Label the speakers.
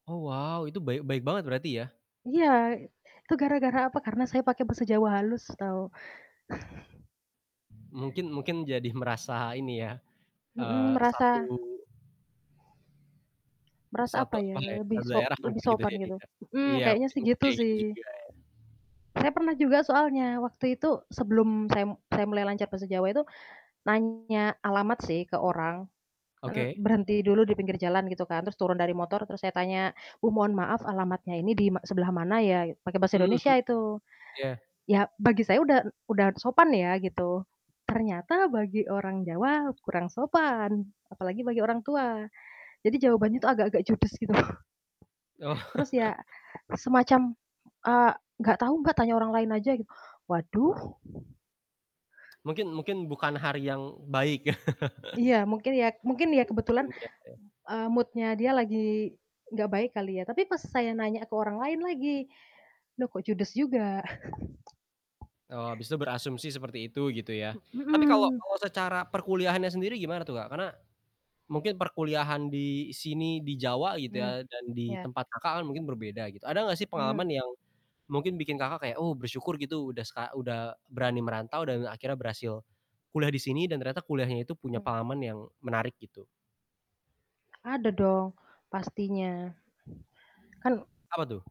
Speaker 1: Oh wow, itu baik baik banget berarti ya?
Speaker 2: Iya, itu gara-gara apa? Karena saya pakai bahasa Jawa halus tahu.
Speaker 1: Mungkin mungkin jadi merasa ini ya,
Speaker 2: Hmm,
Speaker 1: eee, satu
Speaker 2: merasa, merasa
Speaker 1: satu,
Speaker 2: apa ya,
Speaker 1: apa ya,
Speaker 2: lebih
Speaker 1: satu
Speaker 2: so
Speaker 1: daerah
Speaker 2: lebih
Speaker 1: mungkin gitu
Speaker 2: sopan gitu.
Speaker 1: jadinya.
Speaker 2: Hmm,
Speaker 1: Iya,
Speaker 2: kayaknya
Speaker 1: mungkin
Speaker 2: sih, gitu
Speaker 1: kayak gitu
Speaker 2: sih.
Speaker 1: juga ya?
Speaker 2: Saya pernah juga soalnya, waktu itu sebelum saya mu saya mulai lancar bahasa Jawa itu, nanya alamat sih ke orang, kan
Speaker 1: Oke.
Speaker 2: berhenti dulu di pinggir jalan gitu kan terus turun dari motor terus saya tanya, "Bu, mohon maaf alamatnya ini di ma sebelah mana ya?" Pakai bahasa
Speaker 1: Hmm hmm,
Speaker 2: Indonesia itu.
Speaker 1: iya.
Speaker 2: Ya bagi saya udah udah sopan ya gitu, ternyata bagi orang Jawa kurang sopan apalagi bagi orang tua. Jadi, jawabannya tuh, agak-agak judes gitu.
Speaker 1: Oh.
Speaker 2: Terus ya semacam, eee, "Enggak tahu, Mbak, tanya orang lain aja," gitu, waduh.
Speaker 1: Mungkin mungkin bukan hari yang baik.
Speaker 2: Iya, mungkin ya mungkin ya kebetulan,
Speaker 1: Mungkin, ya ya.
Speaker 2: eee, mood-nya dia lagi nggak baik kali ya tapi pas saya nanya ke orang lain lagi, loh kok judes juga?
Speaker 1: Oh, habis itu berasumsi seperti itu gitu ya, tapi kalo
Speaker 2: Mhm.
Speaker 1: kalo secara perkuliahannya sendiri gimana tuh, Kak? Karena mungkin perkuliahan di sini, di Jawa gitu
Speaker 2: Mmm,
Speaker 1: ya dan di
Speaker 2: iya.
Speaker 1: tempat Kakak kan, mungkin berbeda gitu. Ada gak sih pengalaman
Speaker 2: Mmm.
Speaker 1: yang mungkin bikin Kakak, kayak, "Oh bersyukur, gitu, udah seka udah berani merantau, dan akhirnya berhasil kuliah di sini," dan ternyata kuliahnya itu punya
Speaker 2: Mmm.
Speaker 1: pengalaman yang menarik gitu?
Speaker 2: Ada dong, pastinya. Kan
Speaker 1: Apa tuh?